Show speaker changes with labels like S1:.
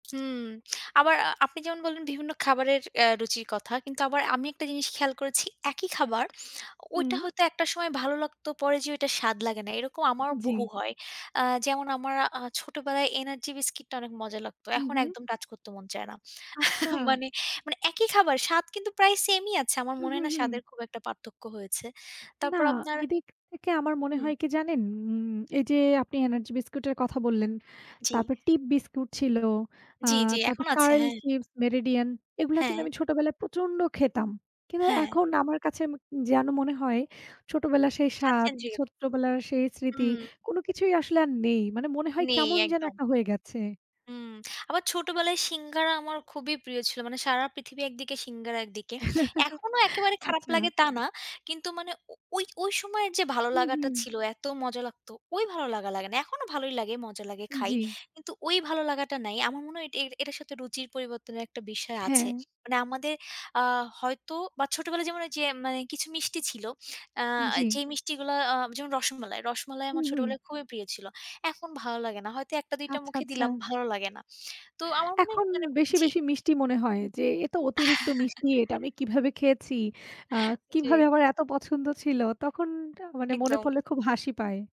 S1: হুম। আবার আ আপনি যেমন বললেন, বিভিন্ন খাবারের অ্যা রুচির কথা। কিন্তু আবার আমি একটা জিনিস খেয়াল করেছি। একই খাবার, ওইটা
S2: হুম।
S1: হয়তো একটা সময় ভালো লাগতো পরে যেয়ে ওইটা স্বাদ লাগে না। এরকম আমারও
S2: জি।
S1: বহু হয়। আ যেমন আমার আ ছোটবেলায় এনার্জি বিস্কিটটা অনেক মজা লাগত।
S2: হু,
S1: এখন
S2: হু।
S1: একদম টাচ করত মন চায় না।
S2: আচ্ছা!
S1: মানে, মানে একই খাবার, স্বাদ কিন্তু প্রায় সেমই আছে। আমার
S2: হু,
S1: মনে
S2: হু,
S1: না স্বাদের
S2: হু।
S1: খুব একটা পার্থক্য হয়েছে।
S2: না,
S1: তারপর আপনার
S2: এদিক থেকে আমার মনে
S1: হুম।
S2: হয় কি জানেন? উম এইযে আপনি এনার্জি বিস্কুট এর কথা বললেন।
S1: জি।
S2: তারপরে টিপ বিস্কুট ছিল। আ
S1: জি, জি
S2: তারপর
S1: এখন আছে।
S2: 'কার্ল'
S1: হ্যাঁ।
S2: র্চিপস, 'মেরিডিয়ান' এগুলা কিন্তু
S1: হ্যাঁ।
S2: আমি ছোটবেলায় প্রচন্ড খেতাম। কিন্তু
S1: হ্যাঁ।
S2: এখন আমার কাছে উম যেন মনে হয় ছোটবেলার সেই
S1: আচ্ছা।
S2: স্বাদ,
S1: জি।
S2: ছোট্টবেলার সেই স্মৃতি,
S1: হুম।
S2: কোনো কিছুই আসলে আর নেই। মানে মনে হয়
S1: নেই
S2: কেমন যেন
S1: একদম।
S2: একটা হয়ে গেছে।
S1: হুম। আবার ছোটবেলায় সিঙ্গাড়া আমার খুবই প্রিয় ছিল। মানে সারা পৃথিবী একদিকে সিঙ্গাড়া একদিকে। এখনো একেবারে খারাপ
S2: আচ্ছা।
S1: লাগে তা না। কিন্তু মানে ও ওই, ওই সময়ের যে ভালো
S2: হু,
S1: লাগাটা
S2: হু।
S1: ছিল, এত মজা লাগত, ওই ভালো লাগা লাগে না। এখনো ভালোই লাগে, মজা লাগে খাই।
S2: জি।
S1: কিন্তু ওই ভালো লাগাটা নাই। আমার মনে হয় এট এটার সাথে রুচির পরিবর্তনের একটা বিষয় আছে।
S2: হ্যাঁ।
S1: মানে আমাদের আ হয়তো বা ছোটবেলায় যেমন ওইযে মানে কিছু মিষ্টি ছিল, আ
S2: জি।
S1: যেই মিষ্টিগুলা আ যেমন: রসমালাই। রসমালাই
S2: হু,
S1: আমার
S2: হু।
S1: ছোটবেলায় খুবই প্রিয় ছিল। এখন ভালো লাগে না। হয়তো একটা-দুইটা
S2: আচ্ছা,
S1: মুখে
S2: আচ্ছা।
S1: দিলাম, ভালো লাগে না। তো আমার মনে হয়
S2: এখন
S1: কী মানে
S2: বেশি,
S1: জি।
S2: বেশি মিষ্টি মনে হয় যে, এ তো অতিরিক্ত মিষ্টি। এটা আমি কীভাবে খেয়েছি? আ
S1: জি।
S2: কীভাবে আমার এত পছন্দ ছিল! তখন তা মানে মনে
S1: একদম।
S2: পড়লে খুব হাসি পায়।